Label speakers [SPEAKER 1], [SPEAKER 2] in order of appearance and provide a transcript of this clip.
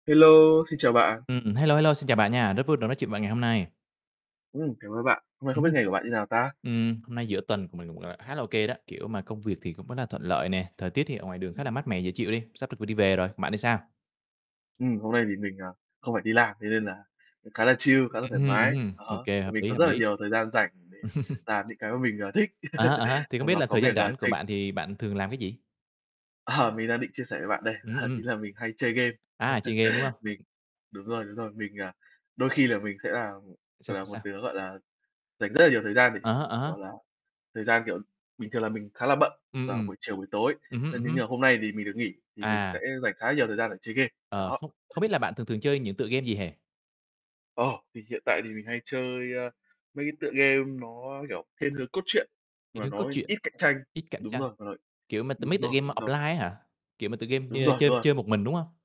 [SPEAKER 1] Hello, xin chào bạn.
[SPEAKER 2] Ừm, hello, hello, xin chào bạn nha, rất vui được nói chuyện bạn ngày hôm nay.
[SPEAKER 1] Ừm, cảm ơn bạn. Hôm nay không
[SPEAKER 2] Ừm
[SPEAKER 1] biết
[SPEAKER 2] hưm.
[SPEAKER 1] ngày của bạn như nào ta?
[SPEAKER 2] Ừm, hôm nay giữa tuần của mình cũng, gọi là, khá là OK đó, kiểu, mà công việc thì cũng rất là thuận lợi nè, thời tiết thì ở ngoài đường
[SPEAKER 1] Ừm
[SPEAKER 2] khá là
[SPEAKER 1] hưm.
[SPEAKER 2] mát mẻ dễ chịu đi, sắp được v đi về rồi, bạn thì sao?
[SPEAKER 1] Ừm, hôm nay thì mình, ờ, không phải đi làm, thế nên là cũng khá là chill, khá là
[SPEAKER 2] Ừm
[SPEAKER 1] thoải
[SPEAKER 2] hưm, ừm
[SPEAKER 1] mái.
[SPEAKER 2] hưm,
[SPEAKER 1] Ờ há,
[SPEAKER 2] OK,
[SPEAKER 1] và
[SPEAKER 2] hợp
[SPEAKER 1] mình
[SPEAKER 2] lý,
[SPEAKER 1] có
[SPEAKER 2] hợp
[SPEAKER 1] rất là
[SPEAKER 2] lý.
[SPEAKER 1] nhiều thời gian rảnh để làm những cái mà mình, ờ, thích
[SPEAKER 2] À há, à há. Thì không
[SPEAKER 1] trong
[SPEAKER 2] biết
[SPEAKER 1] đó
[SPEAKER 2] là
[SPEAKER 1] có
[SPEAKER 2] thời gian
[SPEAKER 1] việc, à,
[SPEAKER 2] rảnh của
[SPEAKER 1] xây
[SPEAKER 2] bạn thì bạn thường làm cái gì?
[SPEAKER 1] Ờ, mình đang định chia sẻ với bạn đây,
[SPEAKER 2] Ưm, ừm.
[SPEAKER 1] ý là mình hay chơi game.
[SPEAKER 2] À, chơi game, đúng hông?
[SPEAKER 1] Mình đúng rồi, đúng rồi, mình, à, đôi khi là mình sẽ là, ừm,
[SPEAKER 2] Sao,
[SPEAKER 1] gọi là,
[SPEAKER 2] sao,
[SPEAKER 1] một
[SPEAKER 2] sao?
[SPEAKER 1] đứa, gọi là, dành rất là nhiều thời gian để,
[SPEAKER 2] Ờ há, ờ há.
[SPEAKER 1] kiểu là, thời gian, kiểu, bình thường là mình khá là bận
[SPEAKER 2] Ừm,
[SPEAKER 1] vào
[SPEAKER 2] ừm.
[SPEAKER 1] buổi chiều, buổi tối,
[SPEAKER 2] Ừm hứm,
[SPEAKER 1] ơ,
[SPEAKER 2] ừm
[SPEAKER 1] thế
[SPEAKER 2] hứm.
[SPEAKER 1] nhưng hôm nay thì mình được nghỉ, thì mình sẽ
[SPEAKER 2] À.
[SPEAKER 1] dành khá nhiều thời gian để chơi game.
[SPEAKER 2] Ờ,
[SPEAKER 1] Đó.
[SPEAKER 2] không không biết là bạn thường thường chơi những tựa game gì ha?
[SPEAKER 1] Ờ, thì hiện tại thì mình hay chơi, ơ, mấy cái tựa game nó, kiểu, thiên hướng cốt truyện
[SPEAKER 2] Kiểu
[SPEAKER 1] mà
[SPEAKER 2] như,
[SPEAKER 1] nó,
[SPEAKER 2] cốt
[SPEAKER 1] ơ,
[SPEAKER 2] truyện,
[SPEAKER 1] ít cạnh tranh.
[SPEAKER 2] ít cạnh
[SPEAKER 1] Đúng
[SPEAKER 2] tranh,
[SPEAKER 1] rồi, mà nó
[SPEAKER 2] kiểu mà t
[SPEAKER 1] đúng
[SPEAKER 2] mấy tựa game
[SPEAKER 1] rồi,
[SPEAKER 2] mà
[SPEAKER 1] đúng rồi.
[SPEAKER 2] offline á hả? Kiểu mà tựa game
[SPEAKER 1] Đúng
[SPEAKER 2] nhơ
[SPEAKER 1] rồi, đúng
[SPEAKER 2] chơi
[SPEAKER 1] rồi.
[SPEAKER 2] chơi một mình, đúng hông?